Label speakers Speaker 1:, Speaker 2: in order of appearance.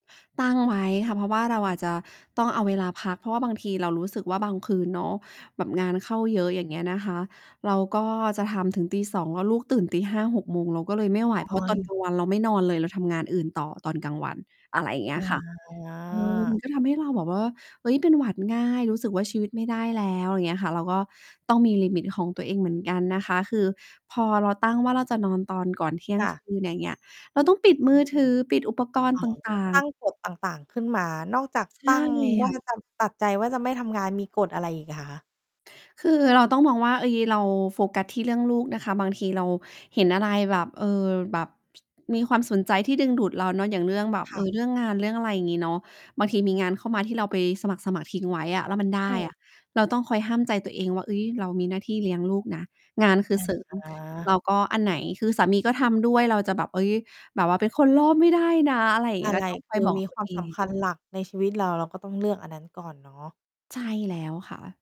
Speaker 1: ตั้งไว้ค่ะ เพราะว่าเราอาจจะต้องเอาเวลาพัก เพราะว่าบางทีเรารู้สึกว่า บางคืนเนาะ แบบงานเข้าเยอะ อย่างเงี้ยนะคะ เราก็จะทำถึงตี 2 แล้วลูกตื่นตี 5 6 โมง เราก็เลยไม่ไหว
Speaker 2: อ๋อ
Speaker 1: เพราะต
Speaker 2: ย
Speaker 1: อนกลางวัน เราไม่นอนเลย เราทำงานอื่นต่อตอนกลางวัน อะไรเงี
Speaker 2: อ
Speaker 1: ้ยค่ะ เออ ม
Speaker 2: า
Speaker 1: ันก็ทำให้เราแบบว่า เฮ้ย เป็นหวัดง่าย รู้สึกว่า ชีวิตไม่ได้แล้ว อย่างเงี้ยค่ะ เราก็ต้องมีลิมิตของตัวเองเหมือนกันนะคะ คือพอเราตั้งว่า เราจะนอนตอนก่อนเที่ย
Speaker 2: จ
Speaker 1: ง
Speaker 2: ้
Speaker 1: ค
Speaker 2: ะ
Speaker 1: ืน อย่างเงี้ย เราต้องปิดมือ ถือ ปิดอุปกรณ
Speaker 2: อ
Speaker 1: ์
Speaker 2: ๋อ
Speaker 1: ต
Speaker 2: ก็
Speaker 1: ่า
Speaker 2: ต
Speaker 1: ง
Speaker 2: ั้
Speaker 1: ๆ
Speaker 2: งกฎต่าง ๆ ขึ้นมา นอกจาก
Speaker 1: ใช
Speaker 2: ตั
Speaker 1: ่
Speaker 2: ้ง ว่
Speaker 1: ค
Speaker 2: า
Speaker 1: ่ะ
Speaker 2: ตำ ตัดใจว่า จะไม่ทำงาน มีกฎอะไรอีกอะคะ?
Speaker 1: คือเราต้องมองว่า เฮ้ย เราโฟกัสที่เรื่องลูกนะคะ บางทีเราเห็นอะไรแบบ เออ แบบ มีความสนใจที่ดึงดูดเราเนาะ อย่างเรื่องแบบ
Speaker 2: ค
Speaker 1: เ
Speaker 2: ่
Speaker 1: อ
Speaker 2: ะ
Speaker 1: อ เรื่องงานเรื่องอะไร งี้เนาะ บางทีมีงานเข้ามา ที่เราไปสมัคร ๆ ทิ้งไว้อะแล้วมันได
Speaker 2: โอ
Speaker 1: ้อ
Speaker 2: ้
Speaker 1: ะ เราต้องคอยห้ามใจตัวเองว่า เฮ้ย เรามีหน้าที่เลี้ยงลูกนะ งานคือ
Speaker 2: อ
Speaker 1: เสริม แ
Speaker 2: า
Speaker 1: ล้วก็อันไหน คือสามีก็ทำด้วย เราจะแบบ เฮ้ย แบบว่า "เป็นคนโลภไม่ได้นะ" อะไรเงี
Speaker 2: อะ
Speaker 1: ้ย
Speaker 2: ไ
Speaker 1: ก็
Speaker 2: ร
Speaker 1: ต้องค
Speaker 2: ค
Speaker 1: อย
Speaker 2: ือ
Speaker 1: บอก
Speaker 2: มี
Speaker 1: ตั
Speaker 2: ค
Speaker 1: ว
Speaker 2: วา
Speaker 1: เ
Speaker 2: ม
Speaker 1: อ
Speaker 2: ส
Speaker 1: ง
Speaker 2: ำคัญหลัก ในชีวิตเรา เราก็ต้องเลือกอันนั้นก่อนเนาะ
Speaker 1: ใช่แล้วค่ะ